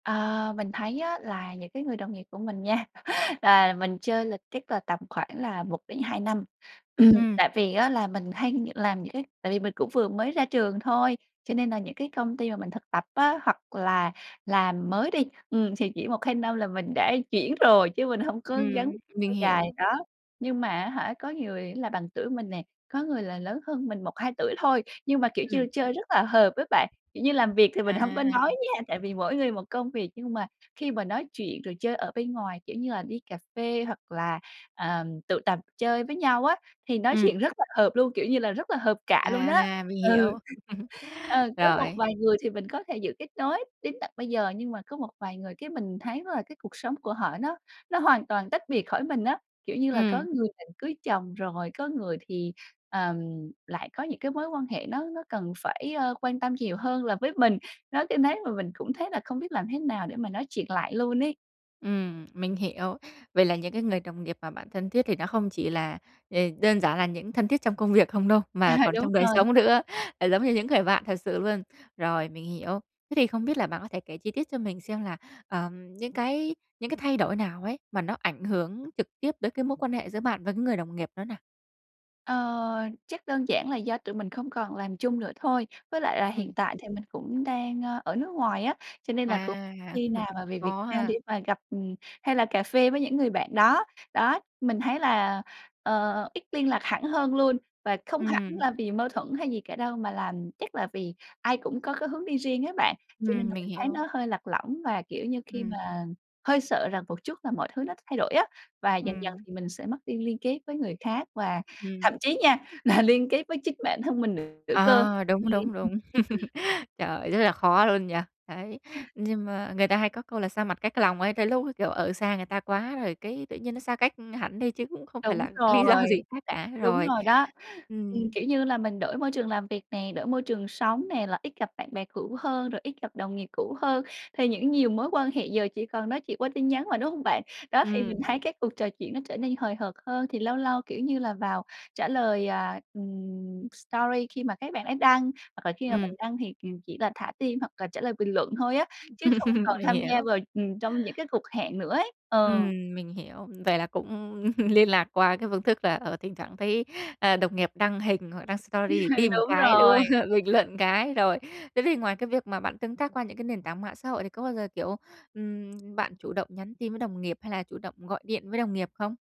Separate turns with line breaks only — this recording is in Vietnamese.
Ờ, mình thấy á là những cái người đồng nghiệp của mình nha là mình chơi là chắc là tầm khoảng là 1-2 năm. Ừm,
Ừm.
tại vì á là mình hay làm những cái tại vì mình cũng vừa mới ra trường thôi, cho nên là những cái công ty mà mình thực tập á, hoặc là làm mới đi, ừm thì chỉ 1-2 năm là mình đã chuyển rồi chứ mình hổng có gắn
Ừm. Mình
lâu dài,
hiểu.
đó. Nhưng mà á hả, có người là bằng tuổi mình nè, có người là lớn hơn mình 1-2 tuổi thôi, nhưng mà, kiểu
Ừm.
như, chơi rất là hợp ấy bạn, kiểu như, làm việc thì mình hông có
À.
nói nha, tại vì mỗi người một công việc, nhưng mà khi mà nói chuyện rồi chơi ở bên ngoài, kiểu như là, đi cà phê hoặc là, ờm, tụ tập chơi với nhau á, thì nói
Ừm.
chuyện rất là hợp luôn, kiểu như là, rất là hợp cạ luôn đó.
À, mình
Ừ.
hiểu.
Ờ, có một
Rồi.
vài người thì mình có thể giữ kết nối đến tận bây giờ, nhưng mà có một vài người cái mình thấy là cái cuộc sống của họ nó nó hoàn toàn tách biệt khỏi mình á, kiểu như là, có
Ừm.
người định cưới chồng rồi, có người thì, ờm, lại có những cái mối quan hệ nó nó cần phải, ơ, quan tâm nhiều hơn là với mình. Nói cái nếu mà mình cũng thấy là không biết làm thế nào để mà nói chuyện lại luôn ấy.
Ừm, mình hiểu. Vậy là những cái người đồng nghiệp mà bạn thân thiết thì nó không chỉ là, ờ, đơn giản là những thân thiết trong công việc không đâu,
À,
mà còn
đúng
trong đời
rồi.
sống nữa, ờ, giống như những người bạn thật sự luôn. Rồi, mình hiểu. Thế thì không biết là bạn có thể kể chi tiết cho mình xem là, ờm, những cái những cái thay đổi nào ấy mà nó ảnh hưởng trực tiếp tới cái mối quan hệ giữa bạn và cái người đồng nghiệp đó nào?
Ờ, chắc đơn giản là do tụi mình không còn làm chung nữa thôi, với lại là
Ừm.
hiện tại thì mình cũng đang, ơ, ở nước ngoài á, cho nên là cũng
À!
khi nào mà về Việt
Khó
Nam để
ha!
mà gặp, ừm, hay là cà phê với những người bạn đó. Đó, mình thấy là, ờ, ít liên lạc hẳn hơn luôn và không hẳn
Ừm.
là vì mâu thuẫn hay gì cả đâu mà là chắc là vì ai cũng có cái hướng đi riêng á bạn. Cho nên
Ừm,
là
mình
mình thấy
hiểu.
nó hơi lạc lõng và, kiểu như, khi
Ừm.
mà hơi sợ rằng một chút là mọi thứ nó thay đổi á, và dần dần
Ừm.
thì mình sẽ mất đi liên kết với người khác và thậm
Ừm.
chí nha là liên kết với chính bản thân mình nữa cơ
Ờ,
[unintelligible]
đúng, đúng, đúng. Trời, rất là khó luôn nhỉ! Đấy. Nhưng mà người ta hay có câu là xa mặt cách lòng ấy tới lúc, kiểu, ở xa người ta quá rồi cái tự nhiên nó xa cách hẳn đi chứ cũng không phải
Đúng
là lý do
rồi.
gì khác cả.
Đúng
Rồi.
rồi đó. Ừm,
Ừm.
kiểu như là, mình đổi môi trường làm việc nè, đổi môi trường sống nè, là ít gặp bạn bè cũ hơn rồi ít gặp đồng nghiệp cũ hơn thì những nhiều mối quan hệ giờ chỉ còn nói chuyện qua tin nhắn mà, đúng hông bạn? Đó, thì mình thấy
Ừm.
cái cuộc trò chuyện nó trở nên hời hợt hơn, thì lâu lâu, kiểu như là, vào trả lời, à, ừm, story khi mà các bạn ấy đăng, hoặc là khi mà mình
Ừm.
đăng thì kìm chỉ là thả tim, hoặc là trả lời bình luận thôi á, chứ không còn
Mình
tham gia
hiểu.
vào, ừm, trong những cái cuộc hẹn nữa ấy. Ờ.
Ừm, mình hiểu. Vậy là cũng liên lạc qua cái phương thức là, ờ, thỉnh thoảng thấy, ờ, đồng nghiệp đăng hình hoặc đăng story thì tim
Đúng
cái, đúng
rồi.
không, bình luận cái. Rồi, thế thì ngoài cái việc mà bạn tương tác qua những cái nền tảng mạng xã hội thì có bao giờ, kiểu, ừm, bạn chủ động nhắn tin với đồng nghiệp hay là chủ động gọi điện với đồng nghiệp không?